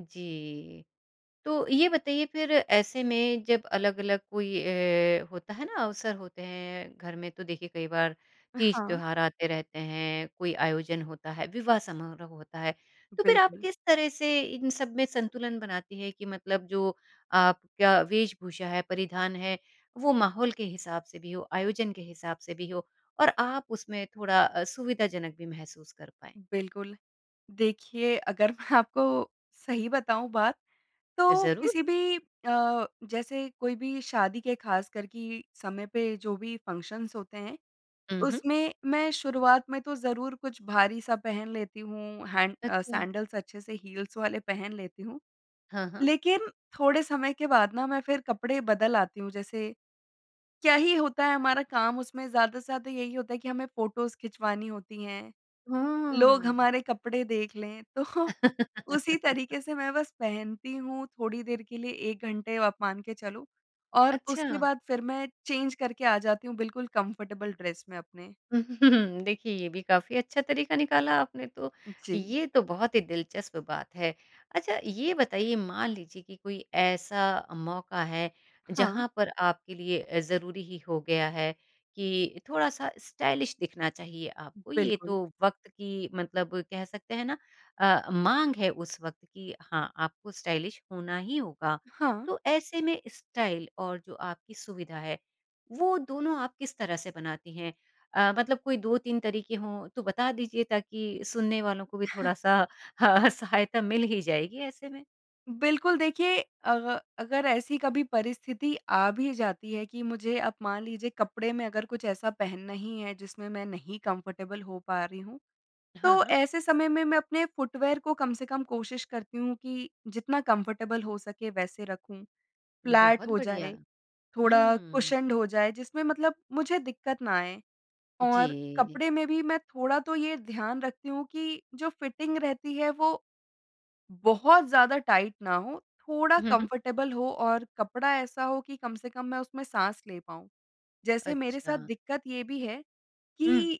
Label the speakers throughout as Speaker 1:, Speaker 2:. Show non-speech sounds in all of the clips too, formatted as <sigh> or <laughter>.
Speaker 1: जी, तो ये बताइए फिर ऐसे में जब अलग-अलग कोई अ, होता है ना अवसर होते हैं घर में तो देखिए कई बार
Speaker 2: अ,
Speaker 1: तीज
Speaker 2: हाँ।
Speaker 1: त्योहार आते रहते हैं, कोई आयोजन होता है विवाह समारोह होता है, तो फिर आप
Speaker 2: बिल्कुल।
Speaker 1: किस तरह से इन सब में संतुलन बनाती हैं कि मतलब जो आपका वेशभूषा है, परिधान है वो माहौल के हिसाब से भी हो, आयोजन के हिसाब से भी हो और आप उसमें थोड़ा सुविधाजनक भी महसूस कर पाएँ?
Speaker 2: बिल्कुल। देखिए अगर आपको सही बताऊँ बात तो
Speaker 1: ज़रूर।
Speaker 2: किसी भी अ, जैसे कोई भी शादी के ख़ास कर कि समय पे जो भी फ़ंक्शन्स होते हैं,
Speaker 1: उ हुँ।
Speaker 2: उसमें मैं शुरुआत में तो ज़रूर कुछ भारी सा पहन लेती हूँ, हैन्ड अ,
Speaker 1: अच्छा।
Speaker 2: सैंडल्स अच्छे से हील्स वाले पहन लेती हूँ।
Speaker 1: हाँ, हाँ।
Speaker 2: लेकिन थोड़े समय के बाद ना मैं फिर कपड़े बदल आती हूँ, जैसे क्या ही होता है हमारा काम उसमें ज़्यादा से ज़्यादा यही होता है कि हमें फ़ोटोज़ खिंचवानी होती हैं, लोग
Speaker 1: हाँ।
Speaker 2: हमारे कपड़े देख लें तो उसी
Speaker 1: <laughs>
Speaker 2: तरीके से मैं बस पहनती हूँ थोड़ी देर के लिए 1 घंटे आप मान के चलो और उसके
Speaker 1: अच्छा।
Speaker 2: बाद फिर मैं चेंज़ करके आ जाती हूँ बिल्कुल कंफर्टेबल ड्रेस में अपने।
Speaker 1: <chuckles> देखिए ये भी काफ़ी अच्छा तरीका निकाला आपने तो।
Speaker 2: जी।
Speaker 1: ये तो बहुत ही दिलचस्प बात है। अच्छा ये बताइए मान लीजिए कि कोई ऐसा मौका है
Speaker 2: हाँ।
Speaker 1: जहाँ पर आपके लिए अ, ज़रूरी ही हो गया है कि थोड़ा-सा स्टाइलिश दिखना चाहिए आपको ये तो
Speaker 2: बिल्कुल।
Speaker 1: वक़्त की मतलब कह सकते है ना अ, माँग है उस वक़्त कि हाँ, आपको स्टाइलिश होना ही होगा।
Speaker 2: हाँ।
Speaker 1: तो ऐसे में स्टाइल और जो आपकी सुविधा है, वो दोनों आप किस तरह से बनाती हैं? अ, मतलब कोई 2-3 तरीके हों तो बता दीजिए ताकि सुनने वालों को भी
Speaker 2: <chuckles>
Speaker 1: थोड़ा-सा सहायता मिल ही जाएगी ऐसे में।
Speaker 2: बिल्कुल देखिए अग अगर ऐसी कभी परिस्थिति आ भी जाती है कि मुझे अब मान लीजिए कपड़े में अगर कुछ ऐसा पहनना ही है जिसमें मैं नहीं कंफ़र्टेबल हो पा रही हूँ,
Speaker 1: हाँ,
Speaker 2: तो
Speaker 1: हाँ।
Speaker 2: ऐसे समय में मैं अपने फुटवियर को कम से कम कोशिश करती हूँ कि जितना कंफ़र्टेबल हो सके वैसे रखूँ, फ्लैट
Speaker 1: बहुत
Speaker 2: हो
Speaker 1: बढ़िया।
Speaker 2: जाए, थोड़ा
Speaker 1: हुँ।
Speaker 2: कुशन्ड हो जाए जिसमें मतलब मुझे दिक्कत ना आए और
Speaker 1: जी।
Speaker 2: कपड़े में भी मैं थोड़ा तो ये ध्यान रखती हूँ कि जो फ़िटिंग रहती है। वो बहुत ज़्यादा टाइट ना हो, थोड़ा
Speaker 1: हुँ, हुँ।
Speaker 2: कंफ़र्टेबल हो और कपड़ा ऐसा हो कि कम से कम मैं उसमें साँस ले पाऊँ। जैसे मेरे साथ
Speaker 1: अच्छा।
Speaker 2: दिक्कत ये भी है
Speaker 1: हुँ।
Speaker 2: कि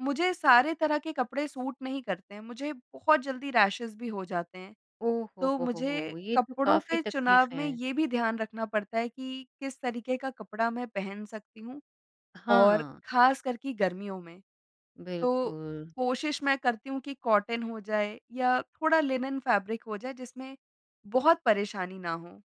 Speaker 2: मुझे सारे तरह के कपड़े सूट नहीं करते हैं मुझे बहुत जल्दी रैशेज़ भी हो जाते हैं।
Speaker 1: ओ, हो
Speaker 2: तो
Speaker 1: हो हो
Speaker 2: मुझे
Speaker 1: हो! ये तो
Speaker 2: कपड़ों
Speaker 1: काफ़ी
Speaker 2: के
Speaker 1: तकलीफ़
Speaker 2: चुनाव में
Speaker 1: है।
Speaker 2: ये भी ध्यान रखना पड़ता है कि किस तरीके का कपड़ा मैं पहन सकती हूँ और
Speaker 1: हाँ।
Speaker 2: खास कर की गर्मियों में। तो
Speaker 1: बिल्कुल।
Speaker 2: कोशिश मैं करती हूँ कि कॉटन हो जाए या थोड़ा लिनेन फैब्रिक हो जाए जिसमें बहुत परेशानी ना हो।